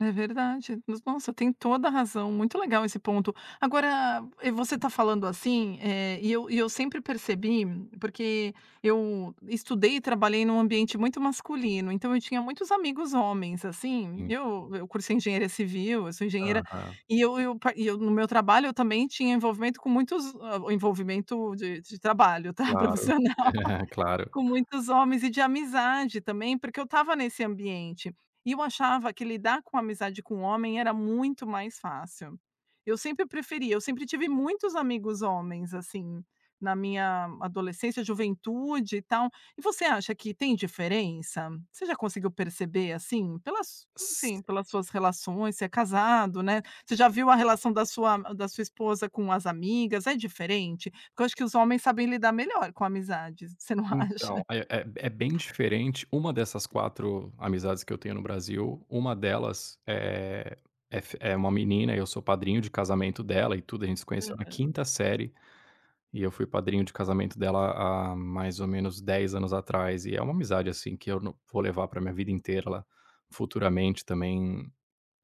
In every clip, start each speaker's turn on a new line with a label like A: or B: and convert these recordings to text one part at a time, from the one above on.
A: É verdade. Nos nossa, tem toda razão, muito legal esse ponto. Agora, e você está falando assim, eh, e eu e eu sempre percebi porque eu estudei e trabalhei num ambiente muito masculino, então eu tinha muitos amigos homens, assim.
B: Hum.
A: Eu eu cursei engenheira civil, eu sou engenheira,
B: Aham.
A: e eu eu pa e eu, no meu trabalho, eu também tinha envolvimento com muitos ho envolvimento de de trabalho, tá, profissional.
B: Claro, claro.
A: Com muitos homens e de amizade também, porque eu estava nesse ambiente. E eu achava que lidar com amizade com um homem era muito mais fácil. Eu sempre preferia, eu sempre tive muitos amigos homens, assim, na minha adolescência, juventude e tal. E você acha que tem diferença? Você já conseguiu perceber, assim? Pelas su não sei,
B: Sim.
A: pelas suas relações, você é casado, né? Você já viu a relação da sua da sua esposa com as amigas, é diferente? Porque eu acho que os homens sabem lidar melhor com amizades, você não acha?
B: Então, é é é bem diferente. Uma dessas 4 amizades que eu tenho no Brasil, 1 delas eh, é f uma menina, e eu sou padrinho de casamento dela e tudo. A gente se conheceu na
A: Aham.
B: 5ª série e eu fui padrinho de casamento dela há há mais ou menos 10 anos atrás. E é uma amizade, assim, que eu no vou levar pra minha vida inteira. Ela futuramente também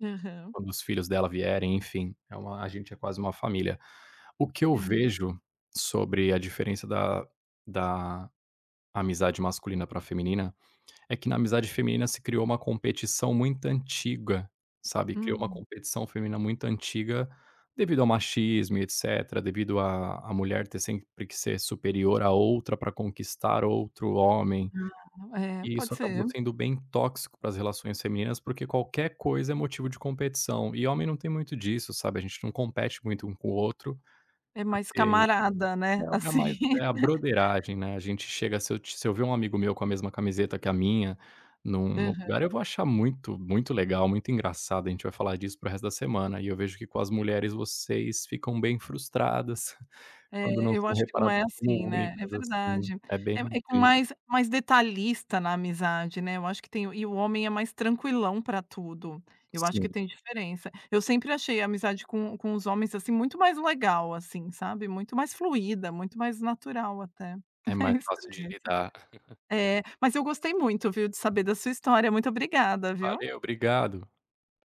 A: Aham.
B: quando os filhos dela vierem, enfim, é uma a gente é quase uma família. O que eu
A: Aham.
B: vejo sobre a diferença da da amizade masculina pra feminina, é que na amizade feminina se criou uma competição muito antiga. Sabe, criou uma
A: Hum.
B: competição feminina muito antiga, devido ao machismo e etcetera, devido à à mulher ter sempre que ser superior a outra pra conquistar outro homem.
A: Ah, é,
B: E isso
A: pode
B: acabou
A: ser.
B: sendo bem tóxico para as relações femininas, porque qualquer coisa é motivo de competição. E homem não tem muito disso, sabe, a gente não compete muito um com o outro,
A: É mais
B: porque
A: camarada, né,
B: é o é mais
A: assim.
B: é a "brotheragem", né. A gente chega se eu se eu ver um amigo meu com a mesma camiseta que a minha, num
A: Aham.
B: lugar, eu vou achar muito, muito legal, muito engraçado, a gente vai falar disso pro resto da semana. E eu vejo que com as mulheres, vocês ficam bem frustradas quando
A: É,
B: não
A: eu
B: são
A: acho que não
B: reparadas
A: é
B: como
A: assim, né? É
B: únicas, assim.
A: verdade.
B: É bem
A: É é com
B: tris
A: mais mais detalhista na amizade, né. Eu acho que tem E o homem é mais tranquilão pra tudo. Eu acho que
B: Sim.
A: tem diferença. Eu sempre achei a amizade com com os homens, assim, muito mais legal, assim, sabe, muito mais fluida, muito mais natural, até.
B: É
A: É
B: mais
A: isso
B: fácil de
A: mesmo.
B: lidar.
A: É. Mas eu gostei muito, viu, de saber da sua história, muito obrigada, viu?
B: Valeu, obrigado.